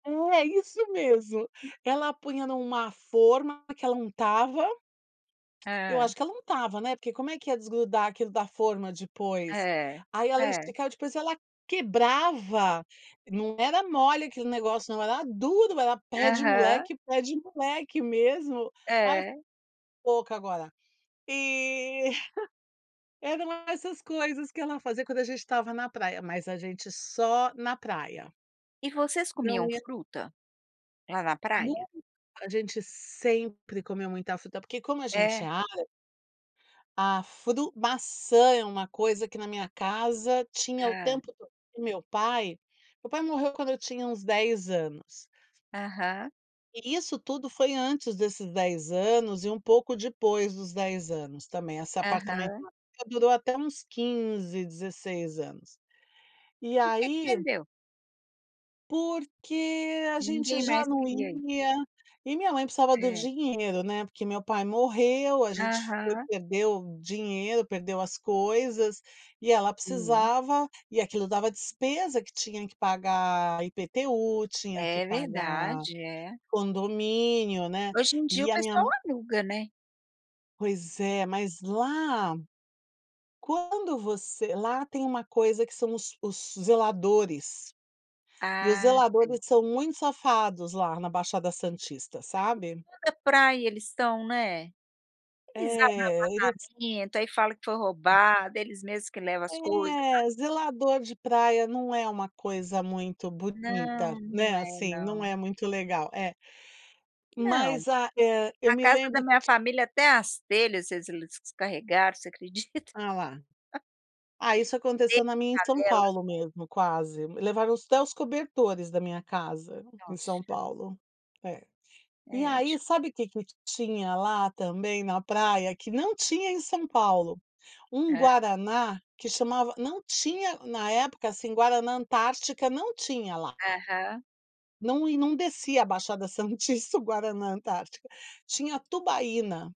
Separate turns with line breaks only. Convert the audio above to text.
É isso mesmo, ela punha em uma forma que ela untava, eu
É.
acho que ela untava, né, porque como é que ia desgrudar aquilo da forma depois.
É.
Aí ela
É.
esticava depois e ela quebrava, não era mole aquele negócio não, era duro, era
Aham.
pé-de-moleque, pé-de-moleque mesmo. Ai, fi
É.
boca agora. E eram essas coisas que ela fazia quando a gente estava na praia, mas a gente só na praia.
E vocês
Não
comiam
ia
fruta? Lá na
Nun
praia.
a gente sempre comeu muita fruta. Porque como a gente é
É?
árabe a fru maçã é uma coisa que na minha casa tinha o
Hã.
tempo todo, e meu pai meu pai morreu quando eu tinha uns 10 anos.
Aham.
E isso tudo foi antes desses 10 anos, e um pouco depois dos 10 anos também, essa apartamento
Aham.
na praia durou até uns 15, 16 anos. E
Porque que
aí.
vendeu?
Porque a gente
Ninguém
já
mais
não
queria isso.
ia, e minha mãe precisava do
É.
dinheiro, né, porque meu pai morreu, a gente foi
Aham.
perdeu dinheiro, perdeu as coisas, e ela
Hum.
precisava. E aquilo dava despesa que tinha que pagar IPTU, tinha que
É
pagar
verdade, é.
condomínio, né,
Hoje em dia o
e a minha
pessoal
mã
aluga, né.
Pois é, mas lá, quando você lá tem uma coisa que são os os zeladores. E os
Ah, sim.
zeladores são muito safados lá na Baixada Santista,
[unintelligible]
sabe.
toda praia eles estão né. Eles abrem o
É, eles
apartamento, aí fala que foi roubado eles mesmo que levam as coisa. [unintelligible]
É, zelador de praia não é uma coisa muito bonita,
Não, não
né,
é
assim. Não
não.
é muito legal é,
Não,
mas, ah, eh, eu
a
me
casa da
lembro
minha família, até as telhas se eles descarregaram, você acredita?
Ah lá. Ah isso
Telha,
aconteceu na minha em São
janela.
Paulo mesmo, quase, levaram até os cobertores da minha casa, em
Nossa.
São Paulo. É, e
É di
aí sabe o que que tinha lá também na praia que não tinha em São Paulo. Um
Hã.
guaraná, que chamava não tinha na época, assim, Guaraná Antártica não tinha lá.
Aham.
Não e não descia a Baixada Santista, o Guaraná Antártica, tinha Tubaína.